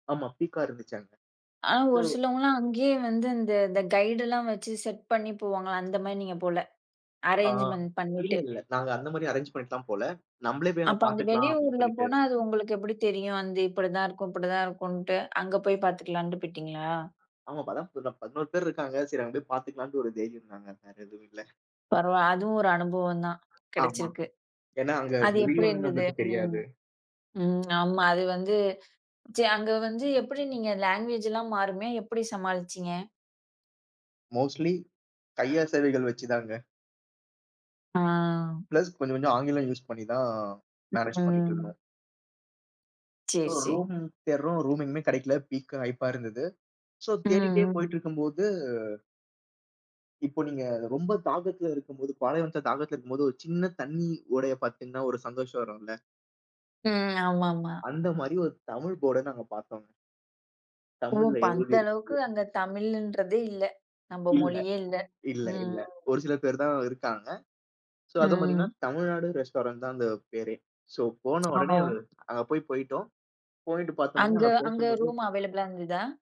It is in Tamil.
ஆமா. பீக்கா இருந்துச்சு அங்க. அ சோ ஒரு சிலவங்களா அங்கயே வந்து, அந்த இந்த கைட்லாம் வச்சு, செட் பண்ணி போவாங்க. அந்த மாரி நீங்கப் போல, ஆ, அரேஞ்ச்மென்ட் இல்ல, பண்ணிட்டு. இல்ல. நாங்க அந்த மாரி அரேஞ்ச் பண்ணிட்டெல்லாம் போல. நம்மளே போய், அங்க அப்ப அந்த பாத்துக்கலாம். அப்படின்னு வெளியூர்ல சொல்லிட்டு போனா, அது உங்களுக்கு எப்படி தெரியும், அது இப்படி தான் இருக்கும். அப்படி தான் இருக்குன்ட்டு. அங்க போய் பாத்துக்கலாம்டு போய்டிங்களா? ஆமா. வளர்ப்புதா, 11 பேர் இருக்காங்க. சரி, அங்க போய் பாத்துக்கலான்ட்டு, ஒரு தைரியம் தாங்க. வேற எதுவும் இல்ல. பரவால. அதுவும் ஒரு அனுபவம் தான், ஆமா, கெடச்சிருக்கு. ஏன்னா, அங்க அது எப்படி மொழியும் இருந்தது? நம்மளுக்கு ம், தெரியாது. ம். ஆமா அது வந்து, ச்ச அங்க வந்து, எப்படி நீங்க லேங்குவேஜ் எல்லாம் மாறுமே! எப்படி சமாளிச்சிங்க? மோஸ்ட்லி, கையசைவுகள் வச்சுதாங்க. ஆ. ப்ளஸ், கொஞ்சம் கொஞ்சம் ஆங்கிலம் யூஸ் பண்ணித்தான், மேனேஜ் பண்ணிட்டு ம். இருந்தோம். சரி, சோ, சரி. ரூம் தேடுறோம். ரூம் எங்கமே கிடைக்கல. பிக்கா ஹய்க்கா இருந்தது. சோ, ம். தேடிட்டே போயிட்டு ம். இருக்கும்போது இப்ப நீங்க ரொம்ப தாகத்துல இருக்கும்போது பாலை வனததுல தாகத்துல இருக்கும்போது, ஒரு சின்ன தண்ணி ஓடையை பாத்தீங்கன்னா, ஒரு சந்தோஷம் வரும்ல? ம், ஆமாம்மா. அந்த மாரி, ஒரு தமிழ் போர்ட நாங்க பாத்தோங்க. ஓ! தமிழ்ல அப்ப அந்த எழுதி அளவுக்கு, இருக்கு. அங்க தமிழ்ன்றதே இல்ல. நம்ம இல்ல மொழியே இல்ல. இல்ல ம், இல்ல. ம். ஒரு சில பேர் தான் இருக்காங்க. சோ, அதைப் பார்த்தீங்கன்னா, ம். தமிழ்நாடு ரெஸ்டாரண்ட் தான் அந்தப் பேரே. சோ, போன உடனே அது ஓ! அங்க போய் போயிட்டோம். போயிட்டு பாத்தோம்னு அங்க அங்க அங்க பேசும்போது ரூம் அவாய்லபலா இருந்துதா?